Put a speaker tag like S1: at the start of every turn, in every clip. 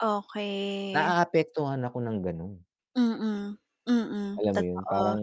S1: Okey.
S2: Naaapektuhan ako ng gano'n.
S1: Mm. Mm.
S2: Alam mo 'yon,
S1: Totoo.
S2: parang,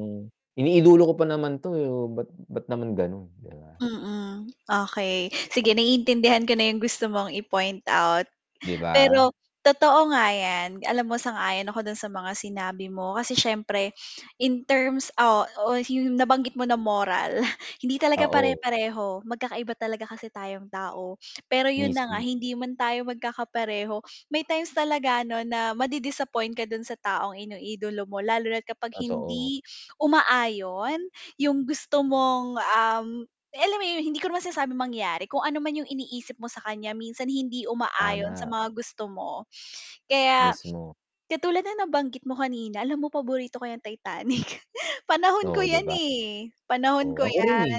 S2: "Iniidolo ko pa naman 'to, eh, oh, ba't ba't naman gano'n?" 'Di ba?
S1: Mm, okey. Sige, naiintindihan ko na 'yong gusto mong i-point out.
S2: 'Di ba?
S1: Pero, totoo nga 'yan. Alam mo, sang-ayon ako do'n sa mga sinabi mo kasi siyempre, in terms o o hmm, nabanggit mo na moral, hindi talaga
S2: Oo.
S1: pare-pareho. Magkakaiba talaga kasi tayong tao. Pero 'yon na nga,
S2: Mismo.
S1: hindi man tayo magkakapareho, may times talaga 'no, na madi-disappoint ka do'n sa taong iniidolo mo lalo na't kapag
S2: Totoo.
S1: hindi umaayon 'yong gusto mong, um eh, alam mo yun, hindi ko naman sinasabing mangyari. Kung ano man 'yong iniisip mo sa kanya, minsan hindi umaayon sa
S2: Tama.
S1: mga gusto mo. Kaya,
S2: Mismo.
S1: katulad ng nabanggit mo kanina, alam mo paborito ko 'yang Titanic. Panahon ko
S2: Oo, 'di
S1: 'yan,
S2: ba?
S1: eh. Panahon
S2: Oo.
S1: ko 'yan.
S2: Ako rin, eh.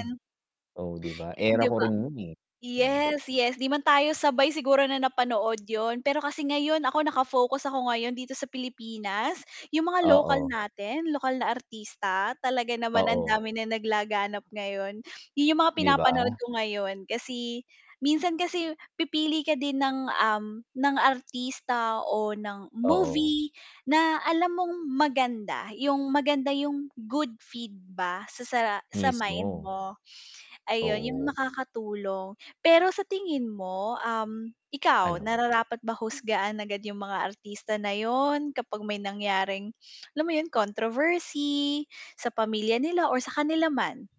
S2: Oh, 'di ba? Era
S1: 'Di
S2: ko
S1: ba?
S2: rin 'yon, eh. Hmm.
S1: Yes, yes. 'Di man tayo sabay siguro na napanood 'yon, pero kasi ngayon, ako, naka-focus ako ngayon dito sa Pilipinas, 'yong mga lokal
S2: Oo.
S1: natin, lokal na artista, talaga naman, ang
S2: Oo.
S1: dami nang naglaganap ngayon. 'Yon 'yong mga
S2: 'Di
S1: pinapanood
S2: ba?
S1: ko ngayon kasi minsan kasi pipili ka din ng, um, ng artista o ng
S2: Oo.
S1: movie na alam mong maganda. 'Yong maganda 'yong good feed ba sa sa sa mind
S2: Mismo.
S1: mo. Ayun, 'yong
S2: Oo.
S1: makakatulong. Pero sa tingin mo, um, ikaw,
S2: Ano?
S1: nararapat ba husgahan agad 'yong mga artista na 'yon kapag may nangyaring, alam mo 'yon, controversy sa pamilya nila or sa kanila man?